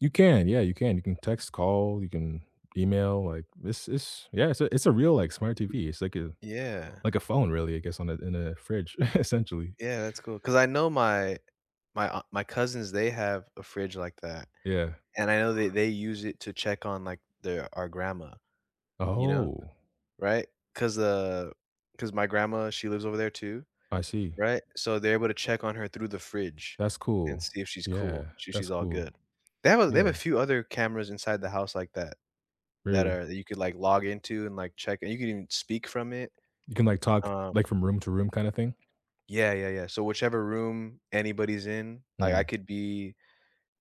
You can, yeah, you can. You can text, call, you can email, like, this is yeah, it's a it's a real, like, smart TV. It's like a Yeah. like a phone, really, I guess, on a in a fridge, essentially. Yeah. That's cool, 'cause I know my my aun my cousins, they have a fridge like that. Yeah. And I know they they use it to check on, like, their our grandma, you know? Oh. Right? 'Cause, uh, 'cause my grandma, she lives over there too, I see. right? So, they're able to check on her through the fridge That's and cool. see if she's cool. Yeah. She That's she's all cool. good. They have a they have a Yeah. few other cameras inside the house like that, that Really? are that you could, like, log into and, like, check and you can even speak from it. You can, like, talk, Uh like, from room to room kinda thing? Yeah, yeah, yeah. So whichever room anybody's in, I I Mm. could be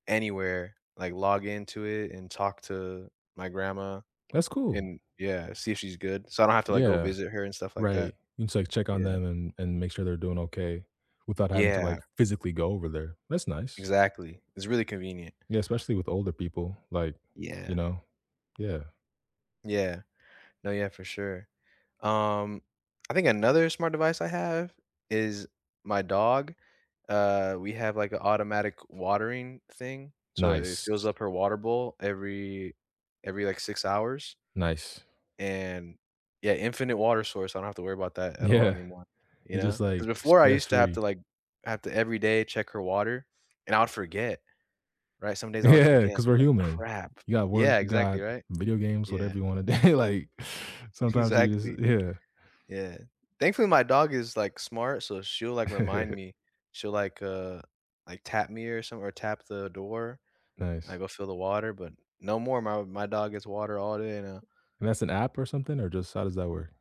anywhere, like, log into it and talk to my grandma That's cool. and, yeah, see if she's good. So I don't have to, like, go Yeah. visit her and stuff like that. Right. You can just like check on Yeah. them and and make sure they're doing okay without having to, Yeah. like, physically go over there. That's nice. Exactly. It's really convenient. Yeah, especially with older people. Like, you Yeah. know, yeah. Yeah. No, yeah, for sure. Um, I think another smart device I have is my dog. Uh, we have, like, a automatic watering thing. So it Nice. fills up her water bowl every every, like, 6 hours Nice. and yeah, infinite water source. I don't have to worry about that at all Yeah. anymore, you You're just, know? 'Cause like, before I stress used to have free. to, like have to every day check her water and I'll forget, right? Some days I would Yeah, forget, and 'cause be we're like, human. "Crap." You got work, Yeah, got exactly, right? video games, whatever Yeah. you want a day like, sometimes you just Exactly. Yeah. Yeah. Thankfully, my dog is, like, smart, so she'll, like, remind me. She'll, like, uh, like, tap me or some or tap the door. I Nice. go fill the water, but no more. My my dog gets water all day now. And that's an app or something, or just how does that work?